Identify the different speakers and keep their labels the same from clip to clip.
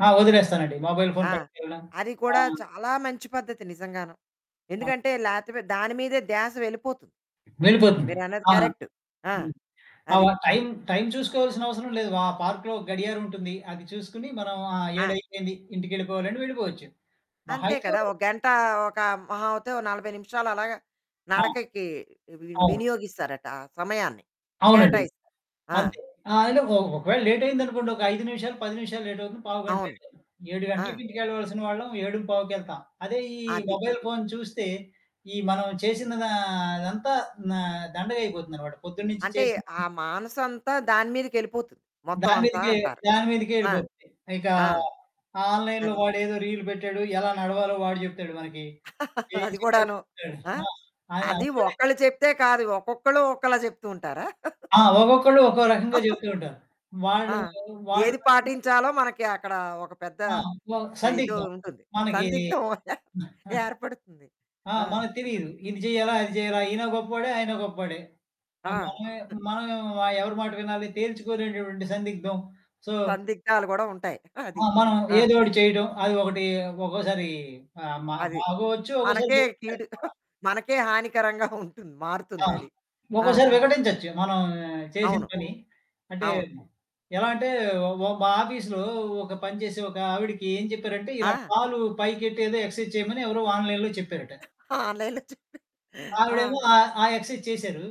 Speaker 1: ఆ! వదిలేస్తానండి mobile phone
Speaker 2: ఆ!
Speaker 1: పట్టికెళ్ళడం.
Speaker 2: అది
Speaker 1: ఆ!
Speaker 2: కూడా చాలా మంచి పద్ధతి నిజంగాను.
Speaker 1: అవును.
Speaker 2: ఎందుకంటే లేతెమరి దాని మీదే ధ్యాస వెళ్ళిపోతుంది.
Speaker 1: వెళ్ళిపోతుంది.
Speaker 2: మీరు అన్నది
Speaker 1: ఆహ్,
Speaker 2: కరెక్టు. ఆ!
Speaker 1: హ్మ్. ఆ
Speaker 2: అది.
Speaker 1: వ టైమ్, టైమ్ చూసుకోవాల్సిన అవసరం లేదు. ఆ పార్క్‌లో గడియారం ఉంటుంది. అది చూసుకొని. మనం ఆ 7
Speaker 2: ఆ!
Speaker 1: అయిపోయింది. ఇంటికెళ్ళిపోవాలి అంటే వెళ్ళిపోవచ్చు. మహా
Speaker 2: అంతే
Speaker 1: అయితే,
Speaker 2: కదా!
Speaker 1: ఓ
Speaker 2: ఒక గంట ఒక మహా అవుతే, ఒ 40 నిమిషాలు అలాగా
Speaker 1: ఆ!
Speaker 2: నడకకి వి
Speaker 1: అవును.
Speaker 2: వినియోగిస్తారట ఆ సమయాన్ని,
Speaker 1: అవునండి.
Speaker 2: కేటాయిస్తారు. ఆ!
Speaker 1: అంతే. ఆ! అంటే ఒ ఒకవేళ లేటయిందనుకోండి, ఒక 5 నిమిషాలు, 10 నిమిషాలు లేటవుతుంది. పావుగంట
Speaker 2: అవును.
Speaker 1: లేటవుతుంది. 7
Speaker 2: ఆ!
Speaker 1: గంటలకి ఇంటికెళ్ళాల్సిన వాళ్ళం, ఏడుం పావుకెళ్తాం. అదే ఈ
Speaker 2: అది.
Speaker 1: మొబైల్ ఫోన్ చూస్తే, ఈ మనం చేసినదంతా నా దండగా అయిపోతుందనమాట. పొద్దున్నుంచి
Speaker 2: అంటే ఆ
Speaker 1: చేసిదన్
Speaker 2: మానసంతా దాని మీదకెళ్ళిపోతుంది మొత్తం
Speaker 1: దాని
Speaker 2: అంతా
Speaker 1: మీదకే
Speaker 2: అంటారు.
Speaker 1: దాని మీదకే
Speaker 2: ఆ!
Speaker 1: యెళ్ళిపోతుంది. ఇకా
Speaker 2: ఆ!
Speaker 1: ఆన్లైన్‌లో
Speaker 2: అది.
Speaker 1: వాడేదో రీల్ పెట్టాడు. ఎలా నడవాలో వాడు చెప్తాడు మనకి. ఎమీ
Speaker 2: అది
Speaker 1: చేయాలో
Speaker 2: గూడాను.
Speaker 1: చెప్తాడు.
Speaker 2: ఆ!
Speaker 1: ఆ! ఆయన
Speaker 2: అది
Speaker 1: అందులోనే
Speaker 2: ఒక్కళ్ళు చెప్తే కాదు. ఒక్కొక్కళ్ళు ఒకలా చెప్తూ ఉంటారా?
Speaker 1: ఆ! ఒక్కొక్కళ్ళు ఒక్కో రకంగా చెప్తూ ఉంటారు.
Speaker 2: ఆ!
Speaker 1: వాళ్ళూ, వాళ్ళు
Speaker 2: ఏది
Speaker 1: బట్టి మరి
Speaker 2: పాటించాలో మనకి అక్కడ ఒక పెద్ద
Speaker 1: ఆ! వ
Speaker 2: ఇది
Speaker 1: సందిగ్ధం
Speaker 2: ఉంటుంది.
Speaker 1: మనకీ
Speaker 2: సందిగ్ధం ఏర్పడుతుంది.
Speaker 1: ఆ!
Speaker 2: ఆ!
Speaker 1: మనకు
Speaker 2: హ్మ్.
Speaker 1: తెలీదు. ఇది చెయ్యాలా అది చేయాలా? ఈయన గొప్పోడే ఆయన గొప్పోడే. ఆ!
Speaker 2: ఆ!
Speaker 1: మనమే మనం ఎవరి మాట వినాలి? తేల్చుకోలేనటువంటి సందిగ్ధం. సో
Speaker 2: సందిగ్ధాలు కూడా ఉంటాయి.
Speaker 1: ఆ!
Speaker 2: అది.
Speaker 1: మనం
Speaker 2: ఆ!
Speaker 1: ఏదో ఒకటి చేయటం. అది ఒకటి ఒక్కోసారి ఆహ్, మ
Speaker 2: అది.
Speaker 1: బాగోవచ్చు. ఒక్కోసారి
Speaker 2: మనకే
Speaker 1: గెలుస్తాది
Speaker 2: కీడు
Speaker 1: కూడా.
Speaker 2: మనకే హానికరంగా ఉంటుంది.
Speaker 1: ఆ!
Speaker 2: మారుతుంది అది. ఆ!
Speaker 1: ఒక్కోసారి వికటించొచ్చు. మనం చేసిన
Speaker 2: అవును.
Speaker 1: పని. అంటే
Speaker 2: అవును.
Speaker 1: ఎలా అంటే ఒక మా ఆఫీస్‌లో ఒక పని చేసే ఒక ఆవిడకి ఏం చెప్పారంటే, ఇలా
Speaker 2: ఆ!
Speaker 1: కాలు పైకెట్టి ఎదో ఎక్సర్‌సైజ్ చేయమని ఎవరో ఆన్లైన్‌లో చెప్పారట.
Speaker 2: ఆన్లైన్‌లొ చూసి ఆ!
Speaker 1: ఆవిడేమో ఆ, ఆ ఎక్సర్‌సైజ్ చేశారు.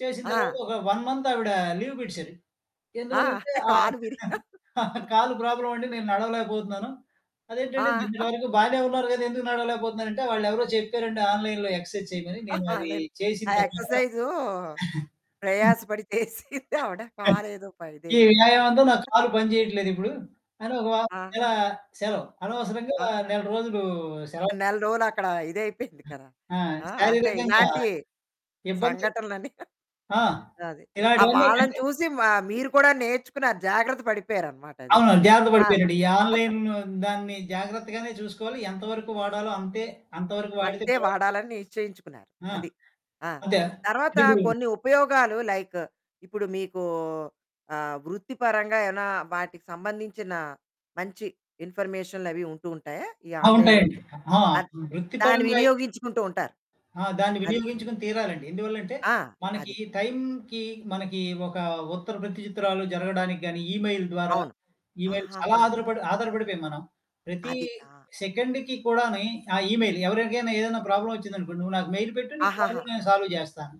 Speaker 1: చేసిన తర్వాత
Speaker 2: ఆ!
Speaker 1: ఒక 1 మంత్ ఆవిడ లీవ్ పెట్టిశారు.
Speaker 2: ఆ!
Speaker 1: ఎందువల్లంటే ఆహ్,
Speaker 2: కాలు వీరిగి ఆ!
Speaker 1: "కాలు ప్రాబ్లమండి, నేను నడవలేకపోతున్నాను." అదేంటంటే
Speaker 2: ఆ!
Speaker 1: నిన్నటి వరకు బానే ఉన్నారు కదా! ఎందుకు నడవలేకపోతున్నారంటే, వాళ్ళెవరో చెప్పారండి ఆన్లైన్‌లో ఎక్సర్‌సైజ్ చేయమని. నేను అది
Speaker 2: అదే.
Speaker 1: చేసిన
Speaker 2: ఆ
Speaker 1: తర్వాత
Speaker 2: ఎక్సర్సైజు ప్రయాసపడి చేసింది ఆవిడ
Speaker 1: అది.
Speaker 2: కాలదో ప
Speaker 1: "ఈ
Speaker 2: ఇదయిపోయింది.
Speaker 1: వ్యాయామంతో నా కాలు పనిచేయట్లేదిప్పుడు," అని ఒక వారం
Speaker 2: ఆ!
Speaker 1: నెల సెలవు అనవసరంగా
Speaker 2: ఆ!
Speaker 1: నెల రోజులు సెలవు
Speaker 2: నెల రోజులు అక్కడ ఇదయిపోయింది కదా!
Speaker 1: ఆ!
Speaker 2: ఆ! అంటే
Speaker 1: శారీరకంగా
Speaker 2: ఇలాంటి
Speaker 1: ఇబ్బంది
Speaker 2: సంఘటనలన్నీ
Speaker 1: ఆ!
Speaker 2: అది. ఆ!
Speaker 1: ఇలాంటివన్నీ
Speaker 2: వాళ్ళని
Speaker 1: అంటే
Speaker 2: చూసి మ మీరు కూడా నేర్చుకున్నారు జాగ్రత్త పడిపోయారనమాట అది.
Speaker 1: అవునవును. జాగ్రత్త
Speaker 2: అవును.
Speaker 1: పడిపోయానండి. ఈ ఆన్లైన్ దాన్ని జాగ్రత్తగానే చూసుకోవాలి. ఎంతవరకు వాడాలో అంతే అంతవరకు వాడితే
Speaker 2: అంతే
Speaker 1: పర్వాలేదు.
Speaker 2: వాడాలని నిశ్చయించుకున్నారు
Speaker 1: ఆ!
Speaker 2: అది. ఆ!
Speaker 1: అంతా
Speaker 2: తర్వాత
Speaker 1: చెడిపోయింది.
Speaker 2: కొన్ని ఉపయోగాలు లైక్ ఇప్పుడు మీకు ఆహ్, వృత్తిపరంగా ఏవైనా వాటికి సంబంధించిన మంచి ఇన్ఫర్మేషన్లు అవి ఉంటూ ఉంటాయా? ఈ
Speaker 1: ఆ! ఉంటాయండి.
Speaker 2: ఆన్లైన్‌లోకి
Speaker 1: ఆ!
Speaker 2: అద్
Speaker 1: వృత్తి
Speaker 2: దాన్ని
Speaker 1: పరంగా అయితే
Speaker 2: వినియోగించుకుంటూ ఉంటారు.
Speaker 1: ఆ! దాన్ని
Speaker 2: అది.
Speaker 1: వినియోగించుకుని తీరాలండి. ఎందువల్లంటే
Speaker 2: ఆ!
Speaker 1: మనకి
Speaker 2: అది.
Speaker 1: టైమ్‌కి మనకి ఒక ఉత్తర ప్రతిచిత్రాలు జరగడానికి గాని ఇమెయిల్ ద్వారా
Speaker 2: అవును.
Speaker 1: ఇమెయిల్ చాలా
Speaker 2: ఆహాహా!
Speaker 1: ఆధారపడి ఆధారపడిపోయాం మనం. ప్రతీ
Speaker 2: అది. ఆ!
Speaker 1: సెకండ్‌కి కూడాని ఆహ్, ఇమెయిల్ ఎవరికైనా ఏదైనా ప్రాబ్లమ్ వచ్చిందనుకోండి, "నువ్వు నాకు మెయిల్ పెట్టు. నీ
Speaker 2: ఆహాహా!
Speaker 1: ప్రాబ్లమ్ నేను సాల్వ్ చేస్తాను."